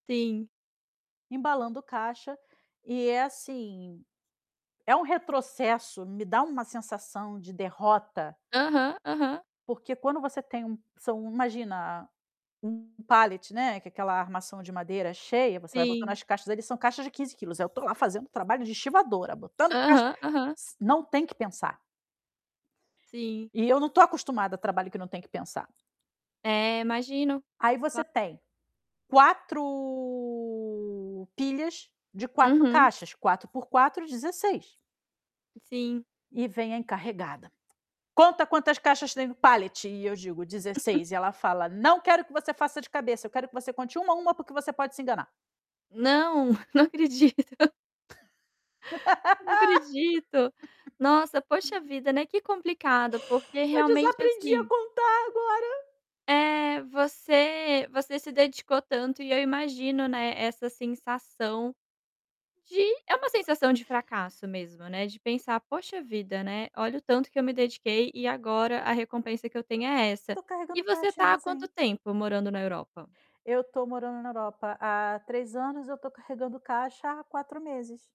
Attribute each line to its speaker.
Speaker 1: Sim.
Speaker 2: Embalando caixa, e é assim, é um retrocesso. Me dá uma sensação de derrota.
Speaker 1: Aham, aham.
Speaker 2: Porque quando você tem um são, imagina, um palete, né, que é aquela armação de madeira cheia, você vai botando
Speaker 1: Sim.
Speaker 2: as caixas ali. São caixas de 15 quilos. Aí eu tô lá fazendo trabalho de estivadora, botando caixa
Speaker 1: Aham, aham.
Speaker 2: si não tem que pensar.
Speaker 1: Sim.
Speaker 2: E eu não estou acostumada a trabalho que não tem que pensar.
Speaker 1: É, imagino.
Speaker 2: Aí você
Speaker 1: Cla
Speaker 2: tem, 4 pilhas de 4
Speaker 1: Uhum.
Speaker 2: caixa. 4 por 4, 16.
Speaker 1: Sim.
Speaker 2: E vem a encarregada: "Conta quantas caixas tem no palete". E eu digo: "16". E ela fala: "Não quero que você faça de cabeça, eu quero que você conte uma a uma porque você pode se enganar".
Speaker 1: Não! Não acredito. Não acredito. Nossa, poxa vida, né, que complicado, porque
Speaker 2: Eu
Speaker 1: realmente
Speaker 2: desaprendi a
Speaker 1: assim
Speaker 2: contar agora.
Speaker 1: é, você você se dedicou tanto, e eu imagino, né, essa sensação de é uma sensação de fracasso mesmo, né, de pensar: "Poxa vida, né, olha o tanto que eu me dediquei e agora a recompensa que eu tenho é essa".
Speaker 2: Tô carregando
Speaker 1: E você
Speaker 2: caixa em
Speaker 1: está há quanto
Speaker 2: armazém.
Speaker 1: tempo morando na Europa?
Speaker 2: Eu tô morando na Europa há 3 anos. Eu tô carregando caixa há 4 meses.